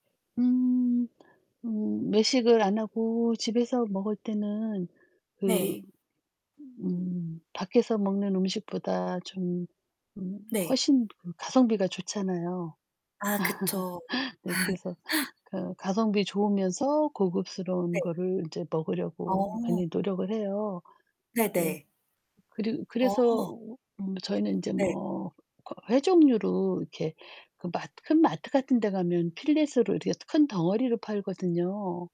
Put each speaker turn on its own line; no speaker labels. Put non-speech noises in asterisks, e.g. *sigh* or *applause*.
음. 음 외식을 안 하고 집에서 먹을 때는 그
네.
음 밖에서 먹는 음식보다 좀 음
네.
훨씬 음 가성비가 좋잖아요.
아 그쵸.
*laughs* 네. 그래서
*laughs*
그 가성비 좋으면서 고급스러운
네.
거를 이제 먹으려고
어.
많이 노력을 해요. 네.
네네.
그리고 그래서
어.
음 저희는 인제
네.
뭐 그 회 종류로 이렇게 그 마 큰 마트 같은 데 가면 필렛으로 이렇게 큰 덩어리로 팔거든요.